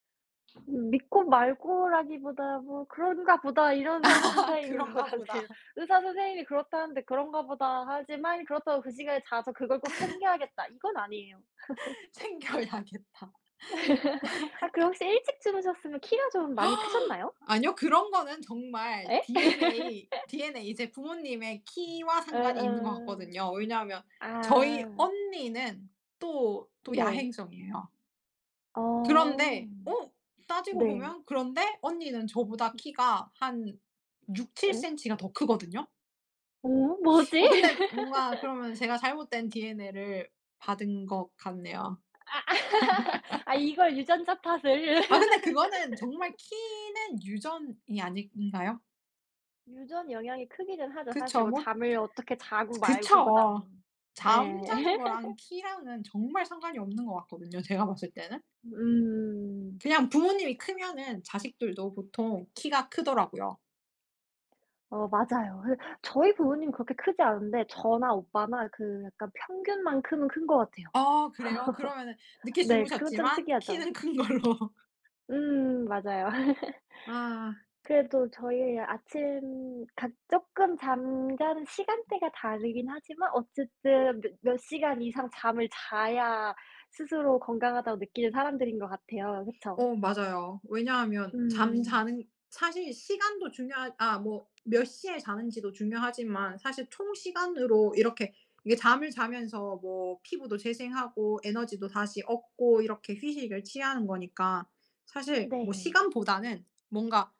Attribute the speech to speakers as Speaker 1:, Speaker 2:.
Speaker 1: 음 믿고 말고라기보다 뭐 '그런가 보다.' 이런 상태인 것
Speaker 2: 그런가 보다.
Speaker 1: 같아요. 의사 선생님이 그렇다는데 '그런가 보다.' 하지 막 이 그렇다고 '그 시간에 자서 그걸 꼭 챙겨야겠다.' 이건 아니에요.
Speaker 2: 챙겨야겠다.
Speaker 1: 아 그럼 혹시 일찍 주무셨으면 키가 좀 많이 크셨나요?
Speaker 2: 아니요. 그런 거는 정말
Speaker 1: 예?
Speaker 2: DNA DNA 이제 부모님의 키와 상관이 있는 것
Speaker 1: 응응.
Speaker 2: 같거든요. 왜냐하면 저희
Speaker 1: 아.
Speaker 2: 언니는 또 또
Speaker 1: 네.
Speaker 2: 야행성이에요.
Speaker 1: 어
Speaker 2: 그런데 어 따지고
Speaker 1: 네.
Speaker 2: 보면 그런데 언니는 저보다 키가 한 육칠
Speaker 1: 예?
Speaker 2: 센치 가 더 크거든요.
Speaker 1: 어 뭐지?
Speaker 2: 어 근데 뭔가 그러면 제가 잘못된 DNA를 받은 것 같네요.
Speaker 1: 아 아 이걸 유전자 탓을.
Speaker 2: 아 근데 그거는 정말 키는 유전이 아닌가요?
Speaker 1: 유전 영향이 크기는 하죠. 사실
Speaker 2: 그쵸
Speaker 1: 뭐
Speaker 2: 뭐
Speaker 1: 잠을 어떻게 자고 말고
Speaker 2: 그쵸.
Speaker 1: 보다는. 예.
Speaker 2: 잠자는 거랑 키랑은 정말 상관이 없는 것 같거든요 제가 봤을 때는.
Speaker 1: 음.
Speaker 2: 그냥 부모님이 크면은 자식들도 보통 키가 크더라고요.
Speaker 1: 어 맞아요. 그래서 저희 부모님은 그렇게 크지 않은데 저나 오빠나 그 약간 평균만큼은 큰 것 같아요.
Speaker 2: 아 그래요? 그러면은 늦게
Speaker 1: 네 그건 좀
Speaker 2: 주무셨지만
Speaker 1: 특이하죠.
Speaker 2: 키는 큰 걸로.
Speaker 1: 음 맞아요.
Speaker 2: 아.
Speaker 1: 그래도 저희 아침 각 조금 잠자는 시간대가 다르긴 하지만 어쨌든 몇 몇 시간 이상 잠을 자야 스스로 건강하다고 느끼는 사람들인 것 같아요. 그쵸?
Speaker 2: 오 맞아요. 왜냐하면
Speaker 1: 음.
Speaker 2: 잠자는 사실 시간도 중요하 아 뭐 몇 시에 자는지도 중요하지만 사실 총 시간으로 이렇게 이게 잠을 자면서 뭐 피부도 재생하고 에너지도 다시 얻고 이렇게 휴식을 취하는 거니까 사실 뭐
Speaker 1: 네.
Speaker 2: 시간보다는 뭔가